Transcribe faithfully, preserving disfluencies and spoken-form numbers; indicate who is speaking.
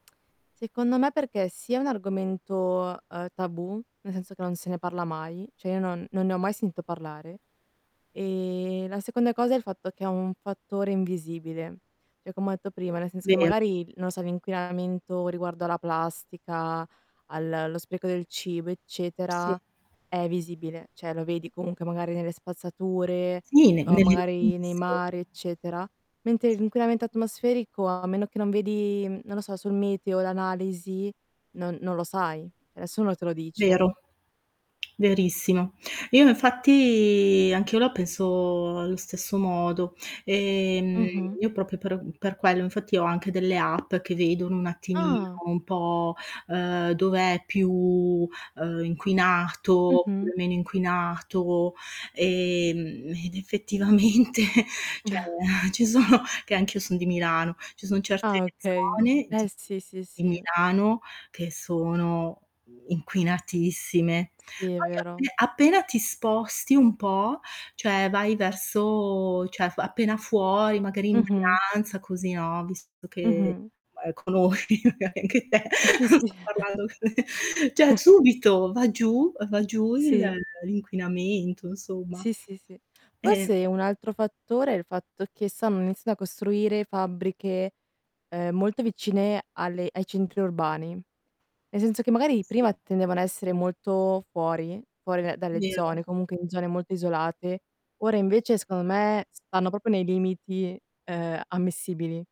Speaker 1: Secondo me perché, sì, è un argomento, uhm, tabù nel senso che non se ne parla mai, ceh io non non ne ho mai sentito parlare, e la seconda cosa è il fatto che è un fattore invisibile. ceh, comma ha etto: nel senso che
Speaker 2: Vero.
Speaker 1: magari, non lo so, l' inquinamento riguardo alla plastica, al allo spreco del cibo, eccetera,
Speaker 2: Sì.
Speaker 1: è visibile, ceh lo vedi comunque magari nelle spazzature
Speaker 2: Sì, ne
Speaker 1: o
Speaker 2: nell'
Speaker 1: magari nei
Speaker 2: [unintelligible]
Speaker 1: mari, eccetera; mentre
Speaker 2: Sì.
Speaker 1: l'inquinamento atmosferico a meno che non vedi, mhmm, non lo so, sul meteo, l'analisi, non non lo sai, ceh nessuno te lo dice.
Speaker 2: Vero, verissimo. Io infatti anch'io la penso allo stesso modo. Ehm,
Speaker 1: Mh-mh.
Speaker 2: io propio per uhm, per quello, infatti ho anche delle app che vedono un attimino
Speaker 1: Ah.
Speaker 2: un po', uhm, dov'è più, uhm, inquinato,
Speaker 1: Mh-mh.
Speaker 2: oppure meno inquinato, ehm, ed effettivamente cioè, ci sono che anch'io son di Milano, ci sono certe
Speaker 1: Ah, okay.
Speaker 2: zone
Speaker 1: Eh,
Speaker 2: di
Speaker 1: sì, sì,
Speaker 2: di
Speaker 1: sì.
Speaker 2: Milano che sono, mhmm, inquinatissime.
Speaker 1: Sì, è
Speaker 2: Poi
Speaker 1: vero.
Speaker 2: appe appena ti sposti un po', cioè vai verso cioè, f appena fuori, magari in
Speaker 1: Mh-mh.
Speaker 2: Brianza, così, no, visto che
Speaker 1: Mh-mh.
Speaker 2: ma ehm, conosci magari anche te,
Speaker 1: Sì, sì.
Speaker 2: non sto parlando ceh, subito va giù uhm, va giù il
Speaker 1: Sì.
Speaker 2: ehm, inquinamento, insomma.
Speaker 1: Sì, sì, sì.
Speaker 2: E
Speaker 1: Forse un altro fattore è il fatto che sanno iniziando a costruire fabbriche, ehm, molto vicine alle ai centri orbani; ne senzo che magari
Speaker 2: Sì.
Speaker 1: prima tendevano a essere molto fuori, fuori da dalle zone,
Speaker 2: Vero.
Speaker 1: comunque in zone molto isolate, ora invece secondo me stanno propio nei limiti, ehm, ammissibili.